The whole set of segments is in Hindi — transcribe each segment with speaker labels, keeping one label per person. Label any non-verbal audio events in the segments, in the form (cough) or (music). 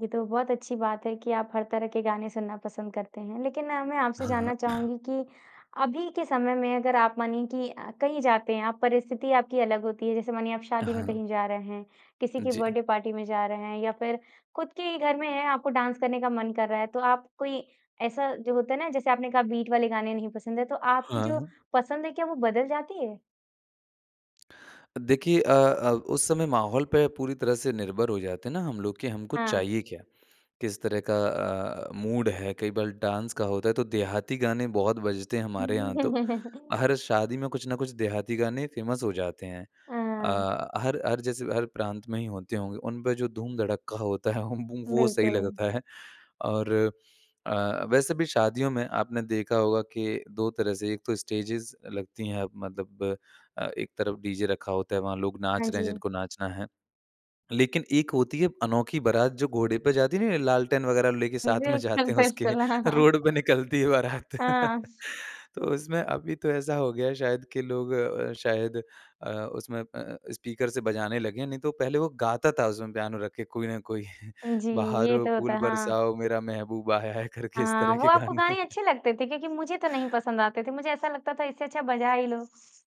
Speaker 1: ये तो बहुत अच्छी बात है कि आप हर तरह के गाने सुनना पसंद करते हैं। लेकिन ना मैं आपसे
Speaker 2: हाँ, हाँ।
Speaker 1: जानना
Speaker 2: (clears throat)
Speaker 1: चाहूँगी कि अभी के समय में अगर आप मानिए कि अ, कहीं जाते हैं आप परिस्थिति आपकी अलग होती है। जैसे मानिए आप शादी में
Speaker 2: हाँ।
Speaker 1: कहीं जा रहे हैं, किसी के
Speaker 2: जी।
Speaker 1: बर्थडे पार्टी में जा रहे हैं या फिर खुद के ही घर में हैं आपको डांस करने का मन कर रहा है, तो आप कोई ऐसा जो होता है ना जैसे आपने कहा बीट वाले गाने नहीं पसंद है तो आपकी जो
Speaker 2: हाँ।
Speaker 1: पसंद है क्या वो बदल जाती है?
Speaker 2: अ, देखिए अ अ, उस समय माहौल पे पूरी तरह से निर्भर हो जाते हैं ना हम लोग कि हमको
Speaker 1: हाँ।
Speaker 2: चाहिए क्या? किस तरह का अ, मूड है, कई बाल डांस का होता है तो देहाती गाने बहुत बजते हैं हमारे यहाँ तो,
Speaker 1: (chuckles)
Speaker 2: हर शादी में कुछ न कुछ देहाती गाने फेमस हो जाते हैं।
Speaker 1: हाँ।
Speaker 2: अ, हर हर जैसे हर प्रांत में ही होते होंगे, उन पे जो धूम-धड़क्का होता ह म वो सही
Speaker 1: बिल्कुल।
Speaker 2: लगता है। और अ, वैसे भी शादियों में आपने देखा होगा कि 2 तरह से एक तो स्टेजेज़ लगती हैं मतलब अ, एक तरफ़ डीजे रखा होता है, वहाँ लोग नाच
Speaker 1: हाँ
Speaker 2: रहे हैं
Speaker 1: जी।
Speaker 2: जिनको नाचना है। लेकिन एक होती है अनोखी बारात जो घोड़े पे जाती नहीं है लालटेन वग़ैरह लेके साथ में
Speaker 1: बिल्कुल,
Speaker 2: जाते हैं उसके,
Speaker 1: बिल्कुल, हाँ।
Speaker 2: रोड पे निकलती है बारात।
Speaker 1: हाँ।
Speaker 2: (chuckles) तो उसमें अभी तो ऐसा हो गया है शायद कि लोग अ, शायद अ, उसमें अ, स्पीकर से बजाने लगे हैं, नहीं तो पहले वो गाता था उसमें पियानो रखे कोई ना कोई
Speaker 1: उ, जी, ये
Speaker 2: बहारों
Speaker 1: तो होता
Speaker 2: फूल
Speaker 1: है। हाँ।
Speaker 2: बरसाओ, मेरा महबूब आया है करके इस
Speaker 1: हाँ,
Speaker 2: तरह
Speaker 1: वो
Speaker 2: के
Speaker 1: आपको
Speaker 2: गाने।
Speaker 1: गाने
Speaker 2: (chuckles)
Speaker 1: अच्छे लगते थे? क्योंकि मुझे तो नहीं पसंद आते थे। मुझे ऐसा लगता था इससे अच्छा बजा ही लो।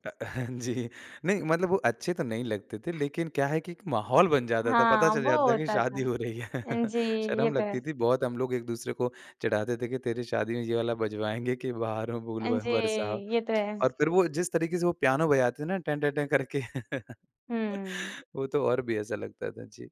Speaker 2: अ, (chuckles) जी, नहीं मतलब वो अच्छे तो नहीं लगते थे लेकिन क्या है कि एक माहौल बन जाता था, पता
Speaker 1: हाँ,
Speaker 2: चल
Speaker 1: वो
Speaker 2: जाता था कि
Speaker 1: होता
Speaker 2: शादी
Speaker 1: था।
Speaker 2: हो रही है। (chuckles)
Speaker 1: जी, ये
Speaker 2: शर्म
Speaker 1: तो
Speaker 2: लगती
Speaker 1: है।
Speaker 2: थी बहुत हम लोग एक-दूसरे को चिढ़ाते थे कि तेरी शादी में ये वाला बजवाएँगे, कि बहारों फूल
Speaker 1: हाँ
Speaker 2: बर
Speaker 1: जी,
Speaker 2: बरसाओ,
Speaker 1: ये तो है।
Speaker 2: और फिर वो जिस तरीक़े से वो पियानो बजाते थे ना टन टन टन करके। (laughs)
Speaker 1: हुँ।
Speaker 2: वो तो और भी ऐसा लगता था। जी।